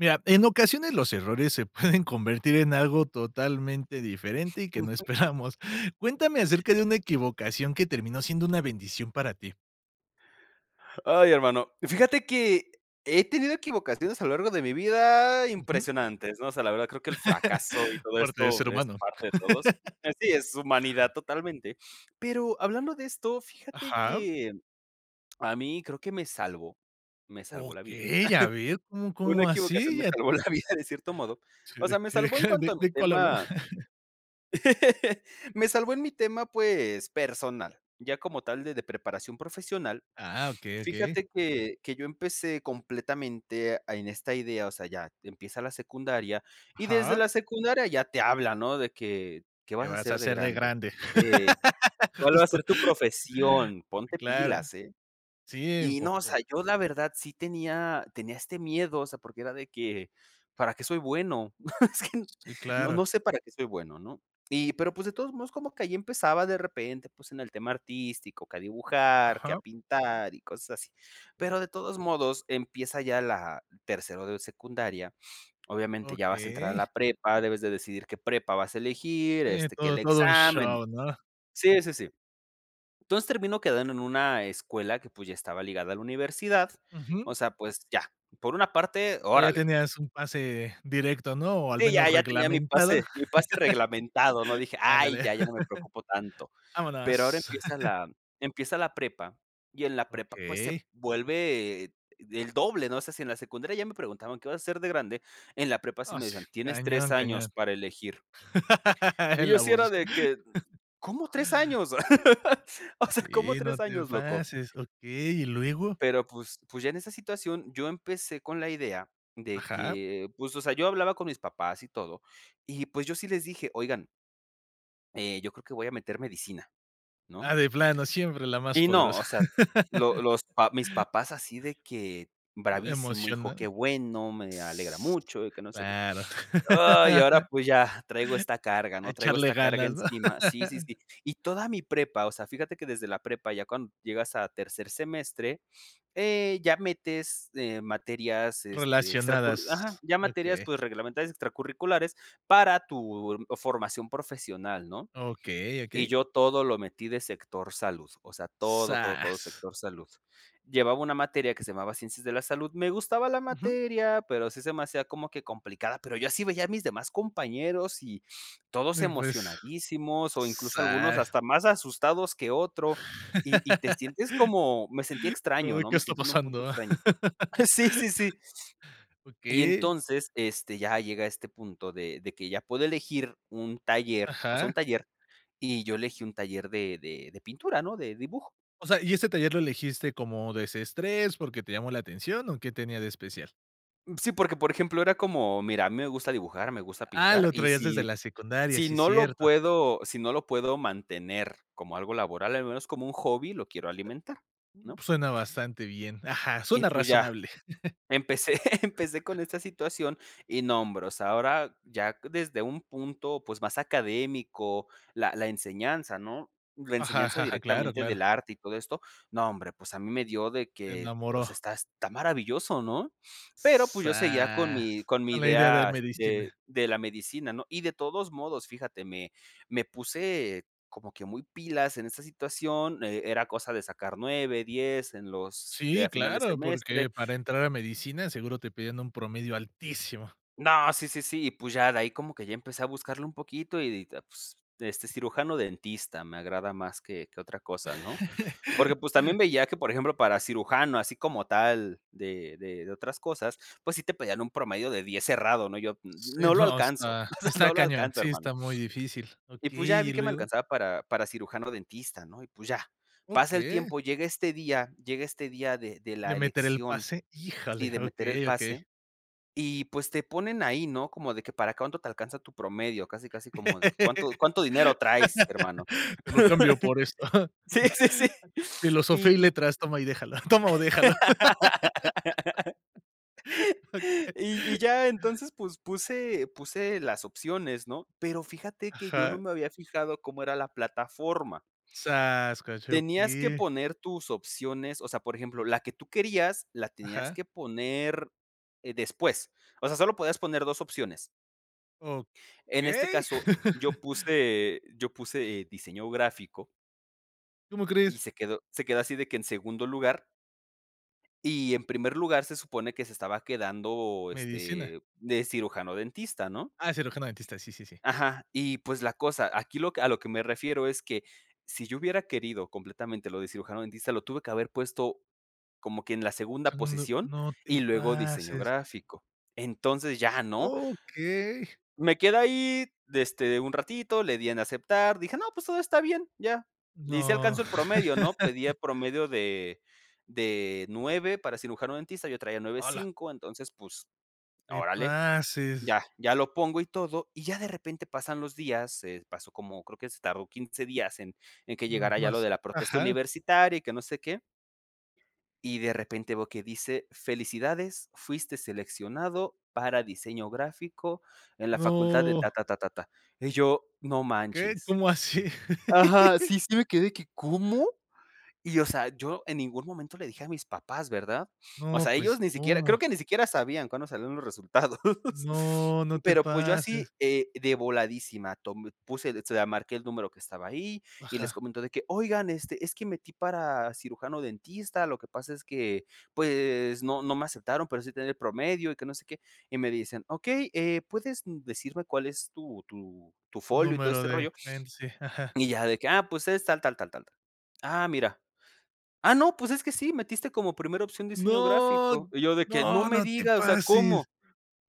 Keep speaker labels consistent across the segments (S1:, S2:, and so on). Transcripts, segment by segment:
S1: Mira, en ocasiones los errores se pueden convertir en algo totalmente diferente y que no esperamos, Cuéntame acerca de una equivocación que terminó siendo una bendición para ti.
S2: Ay, hermano, fíjate que he tenido equivocaciones a lo largo de mi vida
S1: Ujú.
S2: impresionantes, ¿no? O sea, la verdad, creo que el fracaso y todo
S1: Parte de ser
S2: esto es
S1: humano.
S2: parte de todos. Así es, humanidad totalmente. Pero hablando de esto, fíjate
S1: Ajá.
S2: que a mí, creo que me salvó, me salvó la vida.
S1: ¡Okey!, a ver, ¿cómo
S2: Una
S1: cómo
S2: equivocación
S1: así?
S2: me
S1: Ya to
S2: salvó la vida de cierto modo.
S1: Sí,
S2: O
S1: ¿de
S2: sea, me
S1: qué de
S2: salvó en
S1: qué de
S2: cuanto a mi
S1: de cuál habló?
S2: tema me salvó en mi tema, pues, personal, ya como tal de de preparación profesional.
S1: Ah, okey, okey.
S2: Fíjate que que yo empecé completamente a en esta idea. O sea, ya empieza la secundaria, y desde
S1: Ajá.
S2: la secundaria ya te hablan, ¿no?, de que, ¿qué
S1: ¿Qué
S2: vas a
S1: vas a
S2: hacer de
S1: ser de
S2: grande?
S1: grande?
S2: Sí, ¿cuál va a
S1: Justo.
S2: ser tu profesión? Ponte
S1: Claro.
S2: pilas, ¿eh?
S1: Sí,
S2: Y no, o
S1: importan.
S2: sea, yo la verdad, sí tenía tenía este miedo. O sea, porque era de que: "¿Para qué soy bueno?".
S1: Sí,
S2: No
S1: claro.
S2: no sé para qué soy bueno, ¿no? Y, pero pues de todos modos, como que allí empezaba de repente, pues en el tema artístico, que a dibujar, que a
S1: Ajá.
S2: pintar y cosas así.
S1: Pero
S2: Pero de todos modos, empieza ya la tercero de secundaria. Obviamente, ya vas a entrar a la prepa. Debes de decidir qué prepa vas a elegir,
S1: Sí,
S2: este, que el
S1: todo todo un
S2: examen.
S1: show, ¿no?
S2: Sí, sí, sí. Entonces, termino quedando en una escuela que pues, ya estaba ligada a la universidad.
S1: Ujú.
S2: O sea, pues ya, por una parte,
S1: O sea, ya
S2: órale.
S1: tenías un pase directo, ¿no?, o al
S2: Sí,
S1: menos
S2: ya ya tenía mi
S1: reglamentada.
S2: pase, mi pase reglamentado, ¿no? Dije: "Ay,
S1: Ándale.
S2: ya, ya no me preocupo tanto", pero ahora
S1: Vámonos.
S2: empieza la empieza la prepa y en la prepa, pues, se
S1: Okey.
S2: vuelve, eh, el doble, ¿no? O sea, si en la secundaria ya me preguntaban, ¿qué vas a ser de grande?, en la prepa sí
S1: Ah,
S2: me
S1: s
S2: decían: "Tienes 3
S1: Cañón,
S2: años
S1: cañón.
S2: para elegir". Y
S1: En
S2: yo
S1: la
S2: sí era
S1: voz.
S2: de que: "¿Cómo 3 años?". O sea, ¿cómo
S1: Sí, no
S2: 3
S1: te
S2: años, loco?
S1: pases. Okey, ¿y luego?
S2: Pero pues pues, ya en esa situación yo empecé con la idea de
S1: Ajá.
S2: que, pues, o sea, yo hablaba con mis papás y todo, y pues, yo sí les dije: "Oigan". Eh, yo creo que voy a meter medicina,
S1: Ah,
S2: ¿no?
S1: de plano, siempre la más
S2: Y no,
S1: poderosa.
S2: o sea, lo los pa mis papás así de que: "Bravísimo hijo, qué
S1: Emocionado.
S2: bueno, me alegra
S1: S
S2: mucho, y que no sé qué".
S1: claro.
S2: Ay, y ahora, pues, ya traigo esta carga,
S1: A
S2: ¿no?, traigo
S1: echarle
S2: esta carga
S1: ganas, ¿no?
S2: encima, sí, sí, sí. Y toda mi prepa, o sea, fíjate que desde la prepa ya cuando llegas a tercer semestre, eh, ya metes, eh, materias, este, extracur
S1: Relacionadas,
S2: Ajá, ya materias,
S1: okey.
S2: pues, reglamentarias extracurriculares para tu formación profesional, ¿no?,
S1: Okey,
S2: y
S1: okey.
S2: yo todo lo metí de sector salud, o sea, todo, todo, todo
S1: Zas.
S2: sector salud, llevaba una materia que se llamaba Ciencias de la Salud. Me gustaba la
S1: Ujú.
S2: materia, pero sí se me hacía como que complicada, pero yo así veía a mis demás compañeros y todos
S1: Mm, pues,
S2: emocionadísimos, o incluso algunos
S1: zas.
S2: hasta más asustados que otro, y y te sientes como me sentía
S1: Como
S2: extraño,
S1: de:
S2: ¿no?,
S1: "¿Qué
S2: me
S1: está
S2: sentí en un punto
S1: pasando?".
S2: extraño. Sí, sí, sí y
S1: Okey.
S2: entonces, este, ya llega este punto de de que ya puedo elegir un taller, o sea,
S1: Ajá.
S2: un taller, y yo elegí un taller de de de pintura, ¿no?, de dibujo.
S1: O sea, ¿y este taller lo elegiste como desestrés, porque te llamó la atención, o qué tenía de especial?
S2: Sí, porque, por ejemplo, era como mira, a mí me gusta dibujar. Me gusta
S1: Ah,
S2: pintar.
S1: lo
S2: Y
S1: traías desde
S2: si,
S1: la secundaria.
S2: si
S1: Sí, es
S2: no lo
S1: cierto.
S2: puedo si no lo puedo mantener como algo laboral, al menos como un hobby lo quiero alimentar, ¿no?
S1: Suena bastante bien. Ajá.
S2: Y,
S1: Suena
S2: pues, ya.
S1: razonable.
S2: Empecé empecé con esta situación, y nombros. Ahora ya desde un punto, pues, más académico, la la enseñanza, ¿no?, la
S1: Ajá,
S2: enseñanza
S1: ajá, ajá, claro,
S2: directamente
S1: claro.
S2: del arte y todo esto. No, hombre, pues, a mí me dio de
S1: Te
S2: que, o
S1: enamoró.
S2: sea, está está maravilloso, ¿no? Pero, pues, yo seguía con
S1: Zas,
S2: mi con mi
S1: con la idea de
S2: idea, este,
S1: medicina.
S2: de la medicina, ¿no? Y de todos modos, fíjate, me me puse como que muy pilas en esta situación. Eh, era cosa de sacar 9, 10 en los de
S1: Sí,
S2: a final de
S1: claro,
S2: semestre
S1: porque para entrar a medicina seguro te piden un promedio altísimo.
S2: No, sí, sí, sí, y, pues, ya de ahí como que ya empecé a buscarle un poquito y, ah, pues, este, cirujano dentista me agrada más que que otra cosa, ¿no? Porque, pues, también veía que, por ejemplo, para cirujano, así como tal de de de otras cosas, pues, sí te pedían un promedio de 10 cerrado, ¿no?, yo
S1: Sí,
S2: no lo
S1: no
S2: alcanzo.
S1: está está
S2: No lo
S1: cañón.
S2: alcanzo,
S1: Sí, está
S2: hermano.
S1: muy difícil.
S2: Y, pues, ya
S1: Okey, ¿y
S2: vi que me
S1: luego?
S2: alcanzaba para para cirujano dentista, ¿no? Y, pues, ya pasa el
S1: Okey.
S2: tiempo. Llega este día, llega este día de de
S1: Le
S2: la
S1: meteré el
S2: elección
S1: pase.
S2: y
S1: Híjale.
S2: de meter el
S1: Okey, okey.
S2: pase. Y, pues, te ponen ahí, ¿no? Como de que para cuánto te alcanza tu promedio. Casi, casi como de que, ¿cuánto cuánto dinero traes, hermano?
S1: Te lo cambio por esto.
S2: Sí, sí, sí,
S1: Filosofía
S2: y
S1: y
S2: y
S1: letras. Toma y déjalo. Toma o déjalo. Okey.
S2: Y y ya. Entonces, pues, puse puse las opciones, ¿no? Pero fíjate que yo no
S1: Ajá.
S2: me había fijado cómo era la plataforma.
S1: zas,
S2: Tenías que
S1: [unintelligible]
S2: poner tus opciones. O sea, por ejemplo, la que tú querías la tenías
S1: Ajá.
S2: que poner, eh, después. O sea, solo podías poner 2 opciones. En este
S1: ¿Okey?
S2: caso, yo puse yo puse, eh, diseño gráfico
S1: ¿Cómo
S2: y
S1: crees?
S2: se quedó se quedó así de que en segundo lugar y en primer lugar, se supone que se estaba quedando,
S1: ¿Medicina?
S2: este, de cirujano dentista, ¿no?
S1: Ah, cirujano dentista. Sí, sí, sí.
S2: Ajá, y, pues, la cosa aquí lo que a lo que me refiero es que si yo hubiera querido completamente lo de cirujano dentista, lo tuve que haber puesto como que en la segunda
S1: Segundo,
S2: posición,
S1: no te
S2: y luego diseño
S1: pases.
S2: gráfico. Entonces, ya, ¿no?
S1: Okey.
S2: Me quedé ahí, este, un ratito, le di en aceptar, dije no, pues, todo está bien, ya, y si
S1: No.
S2: alcanzo el promedio, ¿no? Pedía el promedio de de 9 para cirujano dentista, yo traía nueve
S1: ¡Hala!
S2: cinco. Entonces, pues,
S1: Te
S2: órale,
S1: pases.
S2: ya ya lo pongo y todo, y ya de repente pasan los días, eh, pasó como creo que se tardó 15 días en en que
S1: Ujú,
S2: llegara ya lo de
S1: maso,
S2: la protesta
S1: ajá.
S2: universitaria y que no sé qué. Y de repente veo que dice felicidades, fuiste seleccionado para diseño gráfico en la facultad de
S1: No.
S2: Ta, ta, ta, ta, ta y yo: "No
S1: ¿Qué?
S2: manches".
S1: ¿Cómo así?
S2: Ajá, sí, sí, me quedé ¿que cómo? Y, o sea, yo en ningún momento le dije a mis papás, ¿verdad? O
S1: No,
S2: sea,
S1: pues,
S2: ellos ni siquiera creo
S1: ¿cómo?
S2: que ni siquiera sabían cuándo salieron los resultados.
S1: No, no te
S2: Pero, pues, yo así
S1: pases.
S2: eh, de voladísima, tom puse, [unintelligible] marqué el número que estaba ahí, y les
S1: Ajá.
S2: comentó de que: "Oigan, este, es que metí para cirujano dentista, lo que pasa es que, pues, no no me aceptaron, pero sí tenía el promedio, y que no sé qué", y me dicen: "Okey, eh, ¿puedes decirme cuál es tu tu tu
S1: Un
S2: folio y todo
S1: número
S2: este
S1: de
S2: rollo"
S1: cliente, sí, ajá.
S2: y ya de que ah, pues, es tal tal tal tal ah mira: "Ah, no, pues, es que sí, metiste como primera opción diseño
S1: No,
S2: gráfico", y yo de que: "No
S1: no,
S2: me
S1: no te
S2: diga, o sea, ¿cómo?
S1: pases.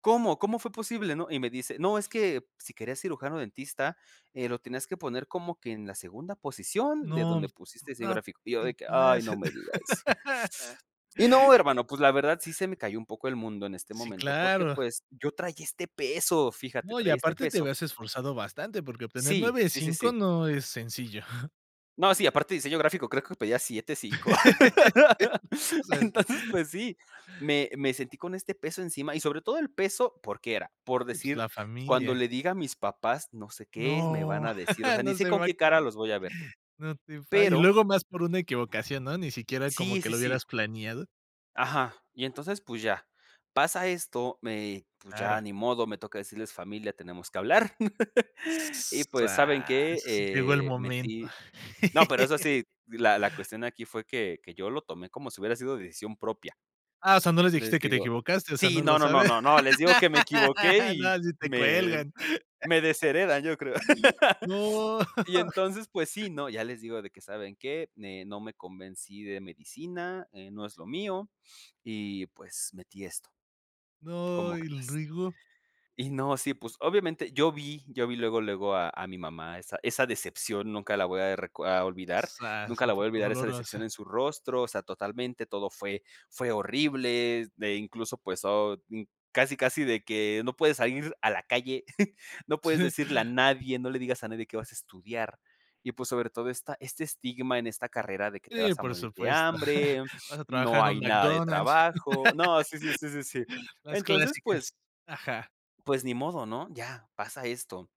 S2: ¿Cómo cómo fue posible, no?" Y me dice: "No, es que si querías cirujano dentista, eh, lo tenías que poner como que en la segunda posición de
S1: No,
S2: donde pusiste diseño
S1: no
S2: gráfico", y yo de
S1: te
S2: que: "Ay, no
S1: pases.
S2: me digas". Y no, hermano, pues, la verdad sí, se me cayó un poco el mundo en este
S1: Sí,
S2: momento porque,
S1: claro.
S2: pues, yo traía este peso, fíjate,
S1: No, y
S2: traía este
S1: aparte te
S2: peso
S1: habías esforzado bastante porque obtener
S2: Sí,
S1: nueve
S2: sí, sí,
S1: cinco
S2: sí.
S1: no es sencillo.
S2: No, sí, aparte de diseño gráfico, creo que pedía 7.5,
S1: No seas.
S2: entonces pues sí, me me sentí con este peso encima y sobre todo el peso, ¿por qué era? Por
S1: Sí, pues,
S2: decir
S1: la
S2: cuando
S1: familia.
S2: le diga a mis papás, no sé qué me van
S1: No,
S2: a decir. O sea, ni
S1: no
S2: sé
S1: se
S2: con
S1: va a
S2: qué cara
S1: acabar.
S2: los voy a ver.
S1: No te pa y
S2: Pero
S1: luego más por una equivocación, ¿no? Ni siquiera como
S2: Sí,
S1: que
S2: sí,
S1: lo
S2: sí.
S1: hubieras planeado.
S2: Ajá. Y entonces pues ya. Pasa esto, me pues,
S1: Claro.
S2: ya ni modo, me toca decirles: "Familia, tenemos que hablar, y pues, ¿saben qué?
S1: Zas, llegó el
S2: Eh,
S1: momento.
S2: metí" no, pero eso sí, la la cuestión aquí fue que que yo lo tomé como si hubiera sido decisión propia.
S1: Ah, o sea, no les dijiste
S2: Les
S1: que te
S2: digo
S1: equivocaste, o sea, no
S2: sí,
S1: lo
S2: no, no, no,
S1: saben.
S2: no. No, les digo que me equivoqué y
S1: No, sí te
S2: me
S1: cuelgan.
S2: me desheredan, yo creo.
S1: No.
S2: Y entonces pues sí, ¿no?, ya les digo de que: "¿Saben qué?, eh, no me convencí de medicina, eh, no es lo mío y pues, metí esto".
S1: No,
S2: ¿Cómo
S1: ¿y
S2: crees?
S1: luego?
S2: Y no, sí, pues obviamente yo vi yo vi luego luego a a mi mamá, esa esa decepción nunca la voy a reco a olvidar,
S1: Zas,
S2: nunca
S1: un
S2: la voy a
S1: poco
S2: olvidar esa decepción
S1: dolorosa.
S2: en su rostro, o sea, totalmente todo fue fue horrible, eh, incluso pues oh, casi casi de que no puedes salir a la calle. No puedes decirle a nadie, no le digas a nadie qué vas a estudiar y pues, sobre todo esta este estigma en esta carrera de que te
S1: Sí,
S2: vas a
S1: por
S2: morir de
S1: supuesto.
S2: hambre,
S1: Vas a trabajar
S2: no
S1: en un
S2: hay nada de
S1: McDonald's.
S2: trabajo. No, sí, sí, sí, sí, sí.
S1: Las
S2: Entonces,
S1: clásicas.
S2: pues
S1: Ajá.
S2: Pues ni modo, ¿no? Ya pasa esto,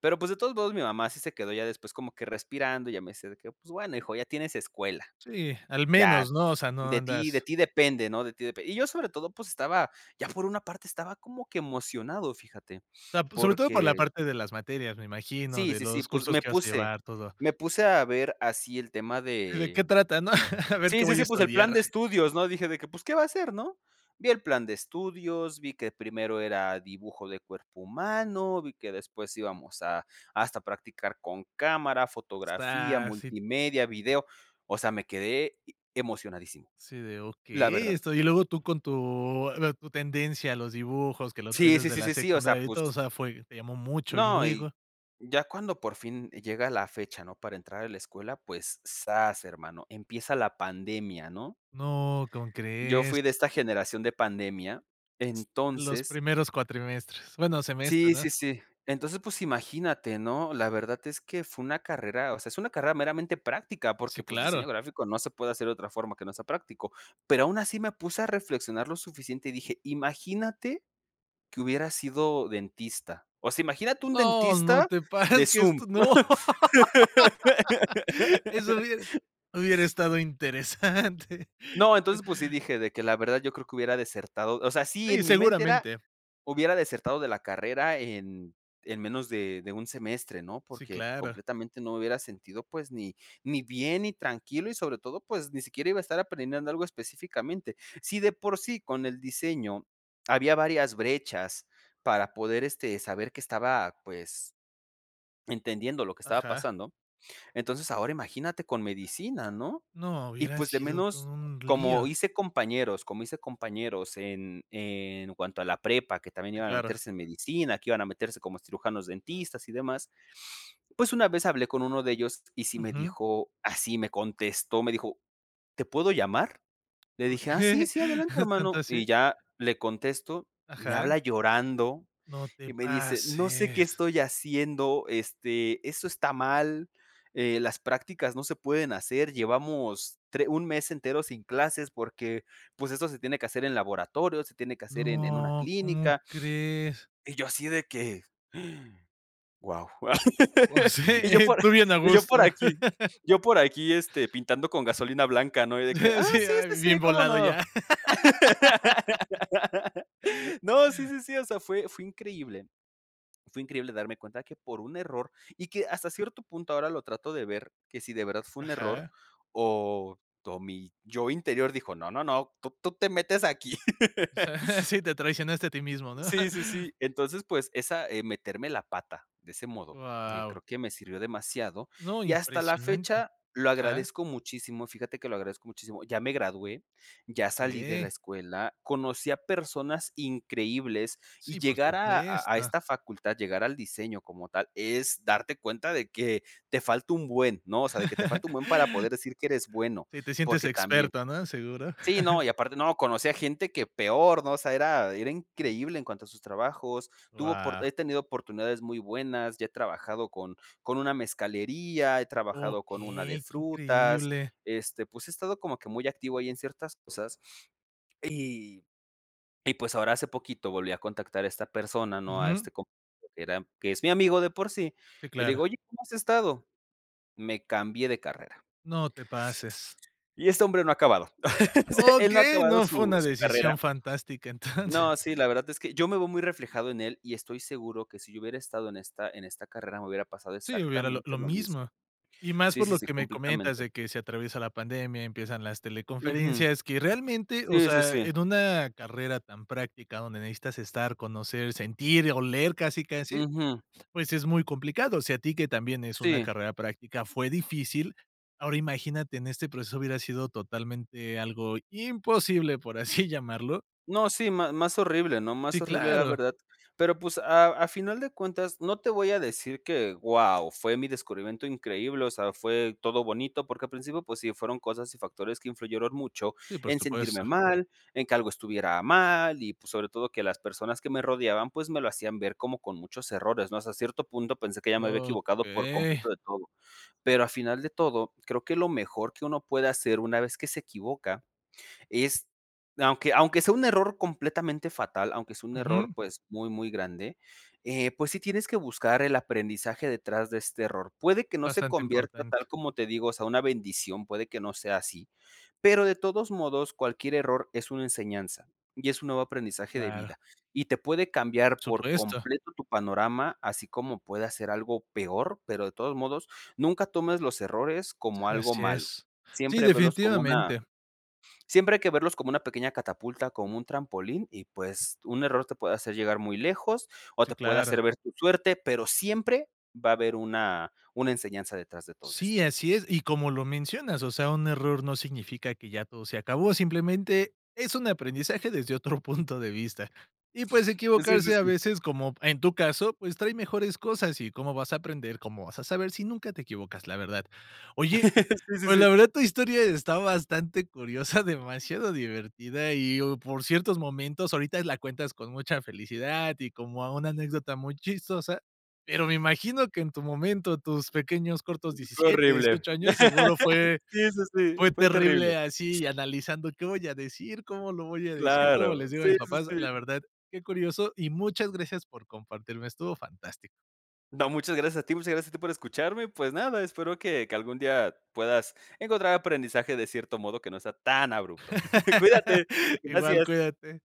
S2: pero, pues, de todos modos, mi mamá sí se quedó ya después como que respirando y ya me dice que "pues bueno, hijo, ya tienes escuela".
S1: Sí, al
S2: Ya,
S1: menos, ¿no? O sea, no
S2: de ti de
S1: andas
S2: ti depende, ¿no? De ti depende "Y yo sobre todo, pues estaba ya, por una parte, estaba como que emocionado, fíjate,
S1: O sea, sobre todo por la
S2: porque
S1: parte de las materias, me imagino,
S2: Sí,
S1: de
S2: sí, sí.
S1: los
S2: Pues
S1: cursos
S2: me
S1: que vas a
S2: puse
S1: llevar todo
S2: me puse a ver así el tema
S1: Y, ¿de qué
S2: de
S1: trata, no? A ver qué
S2: Sí, sí,
S1: voy a
S2: sí, pues el plan
S1: estudiar.
S2: de estudios, ¿no? Dije de que: "Pues ¿qué va a ser, no?" Vi el plan de estudios, vi que primero era dibujo de cuerpo humano, vi que después íbamos a hasta a practicar con cámara, fotografía,
S1: Está si
S2: multimedia, video. O sea, me quedé emocionadísimo,
S1: Sí, de
S2: la
S1: okey,
S2: verdad.
S1: esto y luego tú con tu, eh, tu tendencia a los dibujos que lo traes
S2: Sí, sí,
S1: desde
S2: sí,
S1: la
S2: sí, sí. O sea,
S1: secundaria y
S2: pues
S1: todo, o sea, fue te llamó mucho, ¿y
S2: No, y
S1: luego?
S2: ya cuando por fin llega la fecha, ¿no?, para entrar a la escuela, pues ¡zas!, hermano, empieza la pandemia, ¿no?
S1: No, ¿cómo
S2: Yo
S1: crees?
S2: fui de esta generación de pandemia,
S1: Los
S2: entonces
S1: primeros cuatrimestres bueno, semestres,
S2: Sí,
S1: ¿no?
S2: sí, sí. Entonces, pues imagínate, ¿no? La verdad es que fue una carrera o sea, es una carrera meramente práctica
S1: Sí,
S2: porque, pues,
S1: claro.
S2: diseño gráfico no se puede hacer de otra forma que no sea práctico, pero aun así me puse a reflexionar lo suficiente y dije: "Imagínate que hubiera sido dentista", o sea, imagínate un
S1: No, no
S2: dentista
S1: te parece
S2: de
S1: que
S2: Zoom.
S1: esto no Eso hubiera hubiera estado interesante.
S2: No. Entonces pues sí, dije de que la verdad, yo creo que hubiera desertado O sea, sí,
S1: Sí,
S2: en mi mente era
S1: seguramente.
S2: hubiera desertado de la carrera en en menos de de un semestre, ¿no?
S1: Sí,
S2: Porque
S1: claro.
S2: completamente no hubiera sentido, pues ni ni bien, ni tranquilo y sobre todo, pues ni siquiera iba a estar aprendiendo algo específicamente. Si de por sí con el diseño había varias brechas para poder este saber que estaba, pues entendiendo lo que estaba
S1: Ajá.
S2: pasando. Entonces ahora imagínate con medicina, ¿no?
S1: No,
S2: Y
S1: hubiera
S2: pues de
S1: sido
S2: menos
S1: todo un
S2: como
S1: lío.
S2: hice compañeros, como hice compañeros en en cuanto a la prepa, que también
S1: Sí,
S2: iban a
S1: claro.
S2: meterse en medicina, que iban a meterse como cirujanos dentistas y demás, pues una vez hablé con 1 de ellos y sí me
S1: Ujú.
S2: dijo así, me contestó, me dijo: "¿Te puedo llamar?" Le dije: "Ah, sí,
S1: Okey,
S2: sí, adelante,
S1: ¿tanto
S2: hermano" y
S1: así?
S2: ya le contesto. Me
S1: Ajá.
S2: habla llorando
S1: No te
S2: y me dice: "No sé qué
S1: pases.
S2: estoy haciendo. Este, eso está mal, eh las prácticas no se pueden hacer, llevamos tre 1 mes entero sin clases, porque pues eso se tiene que hacer en laboratorio, se tiene que hacer en en una
S1: No, ¿cómo
S2: clínica",
S1: crees?
S2: y yo así de que Guau
S1: O se
S2: y yo
S1: eh,
S2: por a
S1: tú bien a
S2: y yo
S1: gusto.
S2: por aquí yo por aquí, este, pintando con gasolina blanca, ¿no? De que:
S1: Eh,
S2: "Ah,
S1: sí,
S2: sí,
S1: ah,
S2: sí,
S1: bien
S2: sí, cómo,
S1: volado
S2: ¿no?"
S1: ya.
S2: No, sí, sí, sí. O sea, fue fue increíble fue increíble darme cuenta de que por un error, y que hasta cierto punto ahora lo trato de ver que si de verdad fue un error,
S1: Ajá.
S2: o todo mi yo interior dijo: "No, no, no, tú tú te metes aquí."
S1: O sea, sí, te traicionaste a ti mismo, ¿no?
S2: Sí, sí, sí. Entonces pues esa, eh, meterme la pata de ese modo, eh,
S1: Guau.
S2: creo que me sirvió demasiado,
S1: No,
S2: y hasta la
S1: impresionante.
S2: fecha lo
S1: Ajá.
S2: agradezco muchísimo, fíjate que lo agradezco muchísimo. Ya me gradué, ya salí de la
S1: Okey.
S2: escuela, conocí a personas increíbles, y
S1: Sí, por
S2: llegar a a a
S1: supuesto.
S2: esta facultad, llegar al diseño como tal es darte cuenta de que te falta un buen, ¿no? O sea, de que te falta un buen para poder decir que eres bueno,
S1: Si te sientes
S2: porque también
S1: experto, ¿no? seguro.
S2: Sí, no, y aparte no conocí a gente que peor, ¿no? O sea, era era increíble en cuanto a sus trabajos, tuvo oport
S1: Wao.
S2: he tenido oportunidades muy buenas, ya he trabajado con con una mezcalería, he trabajado con una de
S1: Okey, qué
S2: frutas,
S1: increíble.
S2: este, pues he estado como que muy activo ahí en ciertas cosas y y pues ahora hace poquito volví a contactar a esta persona, no a
S1: Ujú.
S2: este que era que es mi amigo de por sí,
S1: Sí,
S2: y le
S1: claro.
S2: digo: "Oye, ¿cómo has estado?", "Me cambié de carrera".
S1: No te pases.
S2: Y este hombre no ha acabado. Él no ha
S1: Okey,
S2: acabado
S1: no, fue
S2: su
S1: una
S2: su carrera.
S1: decisión fantástica entonces.
S2: No, sí, la verdad es que yo me veo muy reflejado en él y estoy seguro que si yo hubiera estado en esta en esta carrera me hubiera pasado
S1: Sí, hubiera lo
S2: exactamente
S1: lo
S2: lo mismo.
S1: mismo, y más
S2: Sí,
S1: por
S2: sí,
S1: lo
S2: sí,
S1: que me comentas
S2: completamente.
S1: de que se atraviesa la pandemia, empiezan las
S2: Ujú.
S1: teleconferencias, que realmente, o
S2: Sí, sí,
S1: sea,
S2: sí.
S1: en una carrera tan práctica donde necesitas estar, conocer, sentir, o leer casi, casi,
S2: Ujú.
S1: pues es muy complicado. O sea, a ti, que también es una
S2: Sí.
S1: carrera práctica, fue difícil, ahora imagínate, en este proceso hubiera sido totalmente algo imposible, por así llamarlo
S2: No, sí, ma más horrible, ¿no?, más
S1: Sí,
S2: horrible, la
S1: claro.
S2: verdad, pero pues a a final de cuentas, no te voy a decir que guau, fue mi descubrimiento increíble, o sea, fue todo bonito porque al principio, pues sí, fueron cosas y factores que influyeron mucho
S1: Sí, por
S2: en
S1: supuesto.
S2: sentirme mal, en que algo estuviera mal, y pues, sobre todo que las personas que me rodeaban, pues me lo hacían ver como con muchos errores, ¿no? Hasta cierto punto, pensé que ya me había equivocado por
S1: Okey.
S2: completo de todo. Pero a final de todo, creo que lo mejor que uno puede hacer una vez que se equivoca, es, aunque aunque sea un error completamente fatal, aunque sea un error,
S1: Ujú.
S2: pues muy, muy grande, eh, pues sí, tienes que buscar el aprendizaje detrás de este error. Puede que no se
S1: Bastante
S2: convierta
S1: importante.
S2: tal como te digo, o sea una bendición, puede que no sea así, pero de todos modos, cualquier error es una enseñanza y es un nuevo aprendizaje de
S1: Claro.
S2: vida, y te puede cambiar por
S1: Supuesto.
S2: completo tu panorama, así como pueda ser algo peor. Pero de todos modos, nunca tomes los errores como
S1: Sí,
S2: algo
S1: así
S2: malo.
S1: es. Sí,
S2: Siempre velos como una
S1: definitivamente.
S2: siempre hay que verlos como una pequeña catapulta, como un trampolín y, pues, un error te puede hacer llegar muy lejos o
S1: Sí,
S2: te puede
S1: claro.
S2: hacer ver tu suerte, pero siempre va a haber una una enseñanza detrás de todo
S1: Sí,
S2: esto.
S1: así es, y como lo mencionas, o sea, un error no significa que ya todo se acabó, simplemente es un aprendizaje desde otro punto de vista, y, pues,
S2: Sí, sí,
S1: equivocarse, a
S2: sí.
S1: veces como en tu caso, pues trae mejores cosas. ¿Y cómo vas a aprender, cómo vas a saber si nunca te equivocas? La verdad. Oye,
S2: Sí, sí,
S1: pues, la
S2: sí.
S1: verdad, tu historia está bastante curiosa, demasiado divertida y, oh, por ciertos momentos, ahorita la cuentas con mucha felicidad y como a una anécdota muy chistosa. Pero me imagino que en tu momento, tus pequeños cortos
S2: Fue
S1: diecisiete,
S2: horrible.
S1: dieciocho años, seguro fue
S2: Sí, sí, sí,
S1: fue
S2: fue
S1: terrible,
S2: terrible.
S1: así analizando: "¿Qué voy a decir? ¿Cómo lo voy a decir? ¿Cómo
S2: Claro.
S1: les digo a
S2: Sí,
S1: mis
S2: sí,
S1: papás?". La
S2: sí.
S1: verdad, qué curioso, y muchas gracias por compartirme, estuvo fantástico.
S2: No, muchas gracias a ti muchas gracias a ti por escucharme. Pues nada, espero que que algún día puedas encontrar aprendizaje de cierto modo que no sea tan abrupto. Cuídate,
S1: Igual.
S2: gracias.
S1: Cuídate.